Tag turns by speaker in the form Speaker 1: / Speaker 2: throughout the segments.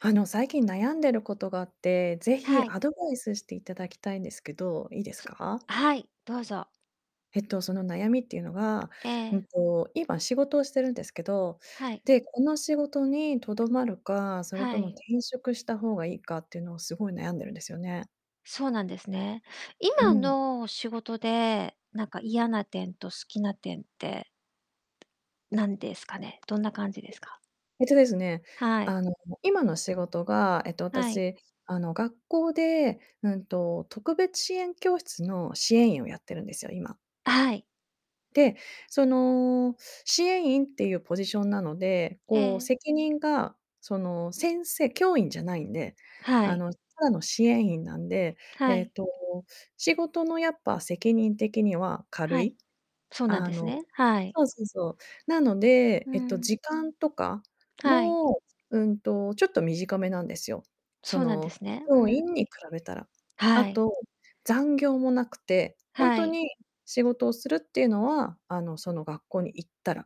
Speaker 1: あの、最近悩んでることがあって、ぜひ、
Speaker 2: はい。
Speaker 1: アドバイスしていただきたいんですけど、いいです
Speaker 2: つ
Speaker 1: か？
Speaker 2: はい、どうぞ。
Speaker 1: えっと、その悩みっていうのが、
Speaker 2: え
Speaker 1: う
Speaker 2: え。
Speaker 1: んと、今仕事をしてるんですけど、
Speaker 2: はい。
Speaker 1: で、この仕事にとどまるか、それ
Speaker 2: は
Speaker 1: とも
Speaker 2: い。
Speaker 1: 転職した方がいいかっていうのを、すごい悩んでるんですよね。
Speaker 2: そうなんですね。
Speaker 1: う
Speaker 2: 今
Speaker 1: ん。
Speaker 2: の仕事で、なんか嫌な点と好きな点って、何ですかね？どんな感じで
Speaker 1: [unintelligible]
Speaker 2: すか？
Speaker 1: えっとですね、
Speaker 2: はい。
Speaker 1: あの、今の仕事が、えっと、
Speaker 2: はい。
Speaker 1: 私、あの、学校で、うんと特別支援教室の支援員をやってるんですよ、今。
Speaker 2: あ、はい。
Speaker 1: で、その、支援員っていうポジションなので、こう、
Speaker 2: ええ。
Speaker 1: 責任がその、先生教員じゃないんで、
Speaker 2: は
Speaker 1: あ
Speaker 2: い。
Speaker 1: の、ただの支援員なんで、え
Speaker 2: は
Speaker 1: え
Speaker 2: い。
Speaker 1: と、仕事のやっぱ責任的には軽
Speaker 2: はい、
Speaker 1: い。
Speaker 2: そうなん
Speaker 1: あ
Speaker 2: です
Speaker 1: の
Speaker 2: ね。はい。
Speaker 1: そうそうそう。なので、
Speaker 2: う
Speaker 1: えっと、
Speaker 2: ん。
Speaker 1: 時間とか
Speaker 2: はい。
Speaker 1: も、うんと、ちょっと短めなんですよ。そ
Speaker 2: そうなんで
Speaker 1: の、
Speaker 2: すね。う
Speaker 1: 教
Speaker 2: ん。
Speaker 1: 員に比べたら。あ
Speaker 2: はい。
Speaker 1: と、残業もなくて、ほん
Speaker 2: は
Speaker 1: と
Speaker 2: い。
Speaker 1: に仕事をするっていうのは、あの、その学校に行ったら、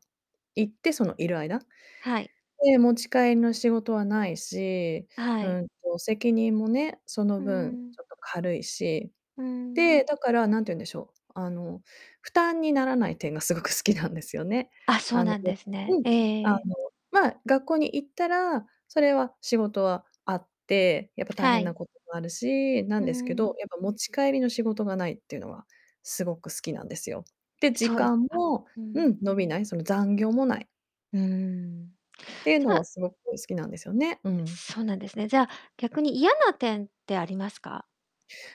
Speaker 1: 行ってそのいる間。
Speaker 2: はい。
Speaker 1: で、持ち帰りの仕事はないし、
Speaker 2: あ、は
Speaker 1: う
Speaker 2: い。
Speaker 1: んと、責任もね、その
Speaker 2: うん
Speaker 1: 分
Speaker 2: うん。
Speaker 1: ちょっと軽いし。
Speaker 2: うん。
Speaker 1: で、だから何て言うんでしょう。あの、負担にならない点がすごく好きなんですよね。
Speaker 2: あ、そう
Speaker 1: あの、
Speaker 2: なんで
Speaker 1: [unintelligible]
Speaker 2: す
Speaker 1: う
Speaker 2: ね。
Speaker 1: ん。
Speaker 2: ええ
Speaker 1: あの、
Speaker 2: ええ。
Speaker 1: まあ、学校に行ったら、それは仕事はあって、やっぱ大
Speaker 2: は
Speaker 1: 変な
Speaker 2: い。
Speaker 1: こともあるし、な
Speaker 2: う
Speaker 1: ん
Speaker 2: ん
Speaker 1: です
Speaker 2: う
Speaker 1: けど、
Speaker 2: ん。
Speaker 1: やっぱ持ち帰りの仕事がないっていうのは、すごく好きなんですよ。で、時
Speaker 2: そうであ、
Speaker 1: 間も
Speaker 2: う
Speaker 1: う
Speaker 2: ん。
Speaker 1: ん。伸びない、その、残業もない。
Speaker 2: うーん。
Speaker 1: ていう
Speaker 2: じ
Speaker 1: の
Speaker 2: ゃ
Speaker 1: は
Speaker 2: あ
Speaker 1: すごく好きなんですよね。うん。
Speaker 2: そうなんですね。じゃあ、逆に嫌な点ってありますか？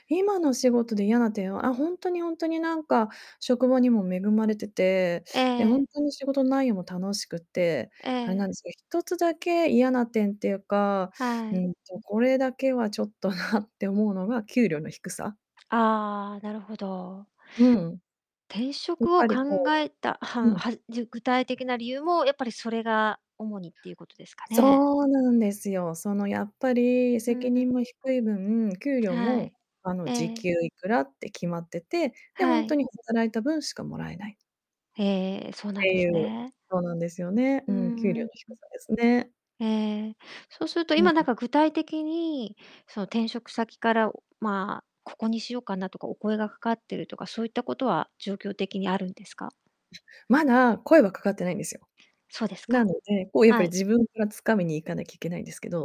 Speaker 1: 今の仕事で嫌な点は、あ、ほんとにほんとになんか職場にも恵まれてて、
Speaker 2: え
Speaker 1: で、ほ
Speaker 2: え。
Speaker 1: んとに仕事内容も楽しくって、
Speaker 2: え
Speaker 1: あれ
Speaker 2: え。
Speaker 1: なんですけど、1つだけ嫌な点っていうか、
Speaker 2: は
Speaker 1: う
Speaker 2: い。
Speaker 1: んと、これだけはちょっとなって思うのが給料の低さ。
Speaker 2: ああ、なるほど。
Speaker 1: うん。
Speaker 2: 転
Speaker 1: やっ
Speaker 2: 職を
Speaker 1: ぱり、
Speaker 2: 考
Speaker 1: こ
Speaker 2: えた、は
Speaker 1: う
Speaker 2: ん
Speaker 1: うん。
Speaker 2: はじゅ具体的な理由もやっぱりそれが主にっていうことですかね？
Speaker 1: そうなんですよ。その、やっぱり
Speaker 2: う
Speaker 1: 責
Speaker 2: ん。
Speaker 1: 任も低い分、給料
Speaker 2: は
Speaker 1: も、
Speaker 2: い、
Speaker 1: あ
Speaker 2: え
Speaker 1: の、時
Speaker 2: え。
Speaker 1: 給いくらって決まってて、で、ほ
Speaker 2: は
Speaker 1: んと
Speaker 2: い。
Speaker 1: に働いた分しかもらえない。
Speaker 2: へえ。そうなん
Speaker 1: て
Speaker 2: で
Speaker 1: い
Speaker 2: す
Speaker 1: う、
Speaker 2: ね。
Speaker 1: そうなんですよね。
Speaker 2: う
Speaker 1: う
Speaker 2: ん
Speaker 1: ん。給
Speaker 2: う
Speaker 1: 料
Speaker 2: ん、
Speaker 1: の
Speaker 2: うん。
Speaker 1: 低さですね。
Speaker 2: ええ。そうすると、
Speaker 1: うんう
Speaker 2: 今な
Speaker 1: ん。
Speaker 2: んか具体的に、その、転職先から、おまあ、ここにしようかなとか、お声がかかってるとか、そういったことは状況的にあるんですか？
Speaker 1: まだ声はかかってないんですよ。
Speaker 2: そうですか。
Speaker 1: なので、こう、やっぱ
Speaker 2: は
Speaker 1: り
Speaker 2: い。
Speaker 1: 自分から掴みに行かなきゃいけないんですけど。